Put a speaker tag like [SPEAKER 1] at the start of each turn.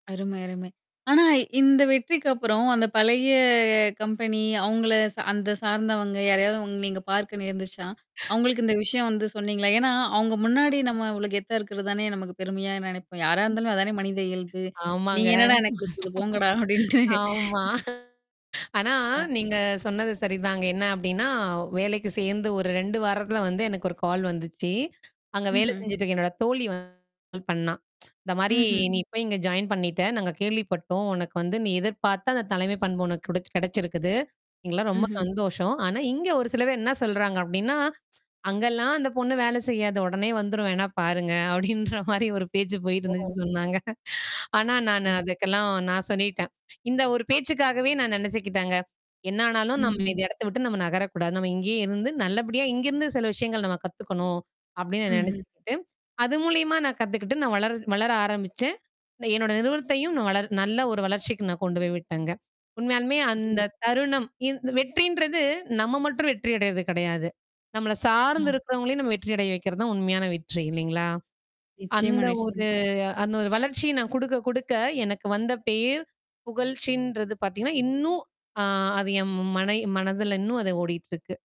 [SPEAKER 1] அருமை, அருமை. ஆனா இந்த வெற்றிக்கு அப்புறம் அந்தப் பழைய கம்பெனி அவங்கள சா அந்த சார்ந்தவங்க யாரையாவது உங்க நீங்கப் பார்க்க நேர்ந்துச்சா? அவங்களுக்கு இந்த விஷயம் வந்து சொன்னீங்களா? ஏன்னா அவங்க முன்னாடி நம்ம இவ்வளோ கெத்தா இருக்குறதுதானே நமக்குப் பெருமையா நெனைப்போம். யாரா
[SPEAKER 2] ம்.
[SPEAKER 1] இருந்தாலும் அதுதானே மனித இயல்பு. "நீங்க
[SPEAKER 2] ஆமாங்க.
[SPEAKER 1] என்னடா எனக்குக் குடுத்தது போங்கடா!" அப்படீன்ட்டு. ம்ஹம்.
[SPEAKER 2] ஆமா. ஆனா,
[SPEAKER 1] அ.
[SPEAKER 2] நீங்க சொன்னது சரிதாங்க. என்ன அப்படீன்னா, வேலைக்கு சேர்ந்து ஒரு 2 வாரத்துல வந்து எனக்கு ஒரு கால் வந்துச்சு. அங்க வேல
[SPEAKER 1] ம்ஹ்ம்.
[SPEAKER 2] செஞ்சுட்டுருக்க என்னோட தோழி வந்து கால் பண்ணா. இந்த மாரி,
[SPEAKER 1] ம்ஹ்ம்.
[SPEAKER 2] நீ போய் இங்க ஜாயின் பண்ணிட்டே. நாங்க கேள்விப்பட்டோம். உனக்கு வந்து, நீ எதிர்பார்த்த அந்தத் தலைமைப் பண்பு உனக்கு குடச்சு கெடைச்சிருக்குது. எங்களுக்கல்லாம் ரொம்ப
[SPEAKER 1] ம்ஹ்ம்.
[SPEAKER 2] சந்தோஷம். ஆனா, இங்க ஒரு சில பேர் என்னா சொல்றாங்க அப்படீன்னா, "அங்க எல்லாம் அந்தப் பொண்ணு வேலை செய்யாது. ஒடனே வந்துரும். வேணா பாருங்க" அப்படீன்ற மாரி ஒரு பேச்சு
[SPEAKER 1] ஓ!
[SPEAKER 2] போயிட்டுருந்துச்சுன்னு சொன்னாங்க. ஆனா நானு
[SPEAKER 1] [unintelligible]
[SPEAKER 2] அதுக்கெல்லாம் நான் சொல்லிட்டேன் இந்த ஒரு பேச்சுக்காகவே நான் நெனைச்சுக்கிட்டேங்க, "என்னா ஆனாலும் நாம
[SPEAKER 1] ம்ஹ்ம்.
[SPEAKER 2] இந்த இடத்தை விட்டு, நம்ம நகரக் கூடாது. நம்ம இங்கே இருந்து நல்லபடியா, இங்கிருந்து சில விஷயங்கள் நம்ம கத்துக்கணும்." அப்படீன்னு நா
[SPEAKER 1] ம்ஹ்ம்.
[SPEAKER 2] நெனைச்சுக்கிட்டு, அது மூலியமா நான் கத்துக்கிட்டு, நான் வளர் வளர ஆரம்பிச்சேன். இல்ல, என்னோட நிறுவனத்தையும் நான் வளர் நல்ல ஒரு வளர்ச்சிக்கு நான் கொண்டு போய் விட்டேங்க. உண்மையாலுமே
[SPEAKER 1] [unintelligible]
[SPEAKER 2] அந்தத் தருணம், இந் இந்த வெற்றின்றது, நம்ம மட்டும் வெற்றி அடையறது கெடையாது. நம்மள சார்ந்து
[SPEAKER 1] [unintelligible]
[SPEAKER 2] இருக்கறவங்களையும் நம்ம வெற்றி அடைய வைக்கிறது தான் உண்மையான வெற்றி, இல்லீங்களா?
[SPEAKER 1] நிச்சயமா,
[SPEAKER 2] அந்த ஒரு
[SPEAKER 1] நிச்சயமா.
[SPEAKER 2] அந்த ஒரு வளர்ச்சி, நான் குடுக்க குடுக்க எனக்கு வந்த பேர், புகழ்ச்சின்றது பாத்தீங்கன்னா, இன்னும் ஆ அது என் மனய் மனதுல இன்னும் அது ஓடிட்டுருக்கு.